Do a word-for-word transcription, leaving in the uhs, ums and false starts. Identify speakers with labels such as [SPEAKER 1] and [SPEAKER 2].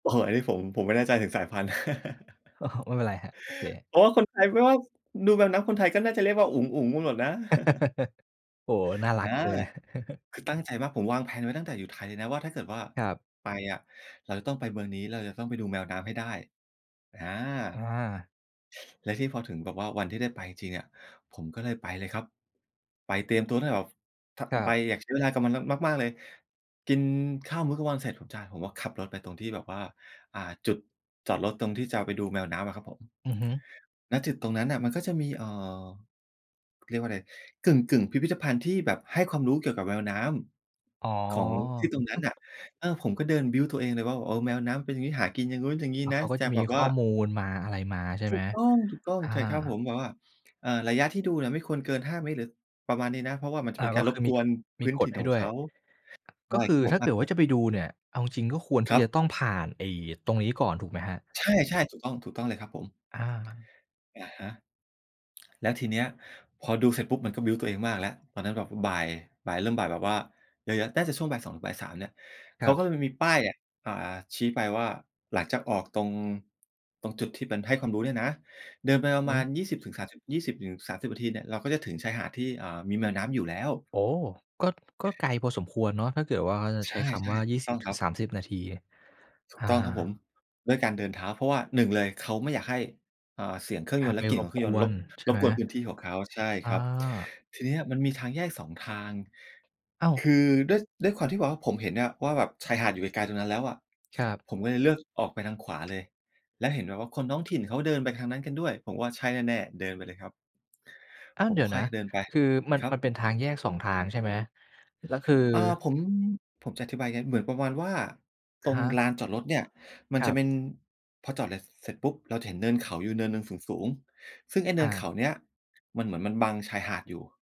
[SPEAKER 1] โอ้โฮ อันนี้ผม ผมไม่แน่ใจถึงสายพันธุ์
[SPEAKER 2] โอ้โฮ ไม่เป็นไรครับ โอเค
[SPEAKER 1] เพราะว่าคนไทยไม่ว่า ดูแมวน้ำ คนไทยก็น่าจะเรียกว่าอุ๋ง ๆ กันหมดนะ
[SPEAKER 2] โอ้โฮ น่าร
[SPEAKER 1] อ
[SPEAKER 2] ั
[SPEAKER 1] า
[SPEAKER 2] กเลย
[SPEAKER 1] คือตั้งใจมาก ผมวาง แพลน ไว้ตั้งแต่อยู่ไทยเลยนะว่า ถ้าเกิดว่า
[SPEAKER 2] ครั
[SPEAKER 1] ไป
[SPEAKER 2] บ
[SPEAKER 1] อะ เราจะต้องไปเมืองนี้ แล้วเราจะต้องไปดูแมวน้ำให้ได้ อา
[SPEAKER 2] อา
[SPEAKER 1] และที่พอถึงแบบว่าวันที่ได้ไปจริง ๆ อะ ผมก็เลยไปเลยครับ ไปเตรียมตัวตั้งแต่แบบ ถ้า
[SPEAKER 2] ครั
[SPEAKER 1] ไป
[SPEAKER 2] บ
[SPEAKER 1] อยากใช้เวลากับมัน ม มาก ๆ เลย กินข้าวมื้อกลางวันเสร็จ จ ผมก็ขับรถไปตรงที่แบบว่า อ่า จุดจอดรถตรงที่จะไปดูแมวน้ำอะครับผม
[SPEAKER 2] อือฮึ
[SPEAKER 1] ณ จุดตรงนั้นน่ะ มันก็จะมี เอ่อ เรียกว่าอะไร กึ่ง ๆ พิพิธภัณฑ์ที่แบบให้ความรู้เกี่ยวกับแมวน้
[SPEAKER 2] อ๋อ
[SPEAKER 1] ำของที่ตรงนั้นน่ะ เออ ผมก็เดินบิลต์ตัวเองเลยว่า โอ้ แมวน้ำมันเป็น อย่างงี้ หากินอย่างนู้น อย่างงี้
[SPEAKER 2] แล้ว
[SPEAKER 1] น
[SPEAKER 2] เข
[SPEAKER 1] ะ
[SPEAKER 2] าก็
[SPEAKER 1] จ
[SPEAKER 2] จ
[SPEAKER 1] ะ
[SPEAKER 2] ะม
[SPEAKER 1] แบ
[SPEAKER 2] ี
[SPEAKER 1] บ
[SPEAKER 2] ข
[SPEAKER 1] ว่
[SPEAKER 2] ้
[SPEAKER 1] า
[SPEAKER 2] อมูลมาอะไรมา ใช่
[SPEAKER 1] ถ
[SPEAKER 2] ไห
[SPEAKER 1] ู
[SPEAKER 2] ม
[SPEAKER 1] กต้อง
[SPEAKER 2] อ
[SPEAKER 1] ๆ ใช่ครับ
[SPEAKER 2] า
[SPEAKER 1] ผม แบบว่า เอ่อ ระยะที่ดูเนี่ยไม่ควรเกิน ห้า เมตร หรือประมาณนี้นะ เพราะว่ามันจะ
[SPEAKER 2] อ
[SPEAKER 1] เป
[SPEAKER 2] า
[SPEAKER 1] ็นก
[SPEAKER 2] ก
[SPEAKER 1] า
[SPEAKER 2] ็
[SPEAKER 1] รร
[SPEAKER 2] คื
[SPEAKER 1] บ
[SPEAKER 2] อม
[SPEAKER 1] ก
[SPEAKER 2] ี
[SPEAKER 1] วน
[SPEAKER 2] ม
[SPEAKER 1] พ
[SPEAKER 2] ี
[SPEAKER 1] ื้น
[SPEAKER 2] ก
[SPEAKER 1] ถ
[SPEAKER 2] ฎ
[SPEAKER 1] ิ่น
[SPEAKER 2] ให้
[SPEAKER 1] ของ
[SPEAKER 2] ด้ว
[SPEAKER 1] เ
[SPEAKER 2] ย
[SPEAKER 1] ขา ใช
[SPEAKER 2] ก
[SPEAKER 1] ่
[SPEAKER 2] ็ค
[SPEAKER 1] ค
[SPEAKER 2] ื
[SPEAKER 1] รั
[SPEAKER 2] อ
[SPEAKER 1] บผม
[SPEAKER 2] ถ้าเกิดว่าจะไปดูเนี่ย เอาจริง ๆ ก็ควรท
[SPEAKER 1] ค
[SPEAKER 2] ี
[SPEAKER 1] ร
[SPEAKER 2] ่
[SPEAKER 1] ับ
[SPEAKER 2] จะต้องผ่านไอ้ตรงนี้ก่อนถูกไหมครับ?
[SPEAKER 1] ใช่ ๆ ถูกต้อง ถูกต้องเลยครับผม
[SPEAKER 2] อา
[SPEAKER 1] อะฮะ แล้วทีเนี้ยพอดูเสร็จปุ๊บ มันก็บิลต์ตัวเองมากแล้ว ตอนนั้นแบบบ่าย บ่ายเริ่มบ่ายแบบว่าเยอะ ๆ น่าจะช่วง บ่ายสองบ่ายสาม เนี่ย
[SPEAKER 2] ค
[SPEAKER 1] เข
[SPEAKER 2] รั
[SPEAKER 1] า
[SPEAKER 2] บ
[SPEAKER 1] ก็เลยมันมีป้ายอะ อ่า ชี้ไปว่าหลังจากออกตรง ตรงจุดที่เป็นให้ความรู้เนี่ยนะ เดินไปปร
[SPEAKER 2] อ
[SPEAKER 1] ะ
[SPEAKER 2] ื
[SPEAKER 1] มา
[SPEAKER 2] อ
[SPEAKER 1] ณ ยี่สิบถึงสามสิบ ยี่สิบถึงสามสิบ นาทีเนี่ย เราก็จะถึงชายหาดที่ อ่า มีแมวน้ำอยู่แล้ว
[SPEAKER 2] โอ้! ก็ ก็ไกลพอสมควรเนาะ ถ้าเกิดว่า
[SPEAKER 1] ใช
[SPEAKER 2] ใช้
[SPEAKER 1] ่
[SPEAKER 2] คำว่า
[SPEAKER 1] ๆ
[SPEAKER 2] ย
[SPEAKER 1] ถ
[SPEAKER 2] ี
[SPEAKER 1] ู
[SPEAKER 2] ่
[SPEAKER 1] ก
[SPEAKER 2] ส
[SPEAKER 1] ต้
[SPEAKER 2] ิบ
[SPEAKER 1] อง
[SPEAKER 2] ถ
[SPEAKER 1] ค
[SPEAKER 2] ึ
[SPEAKER 1] รั
[SPEAKER 2] ง
[SPEAKER 1] บ
[SPEAKER 2] สามสิบ นาที
[SPEAKER 1] ถู
[SPEAKER 2] อ
[SPEAKER 1] ก
[SPEAKER 2] า
[SPEAKER 1] ต้องครับผม ด้วยการเดินเท้าเพราะว่า หนึ่ง เลย เขาไม่อยากให้ อ่า เสียงเครื่อง
[SPEAKER 2] อ
[SPEAKER 1] ย
[SPEAKER 2] า
[SPEAKER 1] นต์
[SPEAKER 2] ไ
[SPEAKER 1] แ
[SPEAKER 2] ป
[SPEAKER 1] ละกลิ่
[SPEAKER 2] ร
[SPEAKER 1] นขอ
[SPEAKER 2] บ
[SPEAKER 1] งเครื่อ
[SPEAKER 2] ก
[SPEAKER 1] งยน
[SPEAKER 2] ว
[SPEAKER 1] ต์ร
[SPEAKER 2] น
[SPEAKER 1] บ
[SPEAKER 2] ใช่
[SPEAKER 1] ร
[SPEAKER 2] ไ
[SPEAKER 1] บ
[SPEAKER 2] หม
[SPEAKER 1] กวนพื้นที่ของเขา ใช่
[SPEAKER 2] อ
[SPEAKER 1] ครับ
[SPEAKER 2] า
[SPEAKER 1] ทีเนี้ยมันมีทางแยก สอง ทาง
[SPEAKER 2] อ้าว
[SPEAKER 1] คือด้วย ด้วยความที่แบบว่า ผมเห็นเนี่ยว่าแบบชายหาดอยู่ไกล ๆ ตรงนั้นแล้วอะ
[SPEAKER 2] ครับ
[SPEAKER 1] ผมก็เลยเลือกออกไปทางขวาเลย แล้วเห็นแบบว่าคนท้องถิ่นเขาเดินไปทางนั้นกันด้วย ผมว่าใช่แน่ ๆ เดินไปเลยครับ
[SPEAKER 2] อ้าว
[SPEAKER 1] ผ
[SPEAKER 2] เ
[SPEAKER 1] ม
[SPEAKER 2] ดี๋ยว
[SPEAKER 1] ค่
[SPEAKER 2] น
[SPEAKER 1] อ
[SPEAKER 2] ะ
[SPEAKER 1] ยเดินไป
[SPEAKER 2] คือมัน
[SPEAKER 1] ครั
[SPEAKER 2] มัน
[SPEAKER 1] บ
[SPEAKER 2] เป็นทางแยก สอง ทาง ใช่ไหม แล้วคือ
[SPEAKER 1] อา ผม ผมจะอธิบายยังไง เหมือนประมาณว่าต
[SPEAKER 2] ค
[SPEAKER 1] รง
[SPEAKER 2] รับ
[SPEAKER 1] ลานจอดรถเนี่ย มั
[SPEAKER 2] ค
[SPEAKER 1] น
[SPEAKER 2] ร
[SPEAKER 1] จ
[SPEAKER 2] ั
[SPEAKER 1] ะ
[SPEAKER 2] บ
[SPEAKER 1] เป็น พอจอด ล เสร็จปุ๊บ เราจะเห็นเนินเขาอยู่เนินหนึ่งสูง ๆ ซึ่งไอ้เน
[SPEAKER 2] อ
[SPEAKER 1] ินเข
[SPEAKER 2] า
[SPEAKER 1] าเนี้ย มันเหมือนมันบังชายหาดอยู่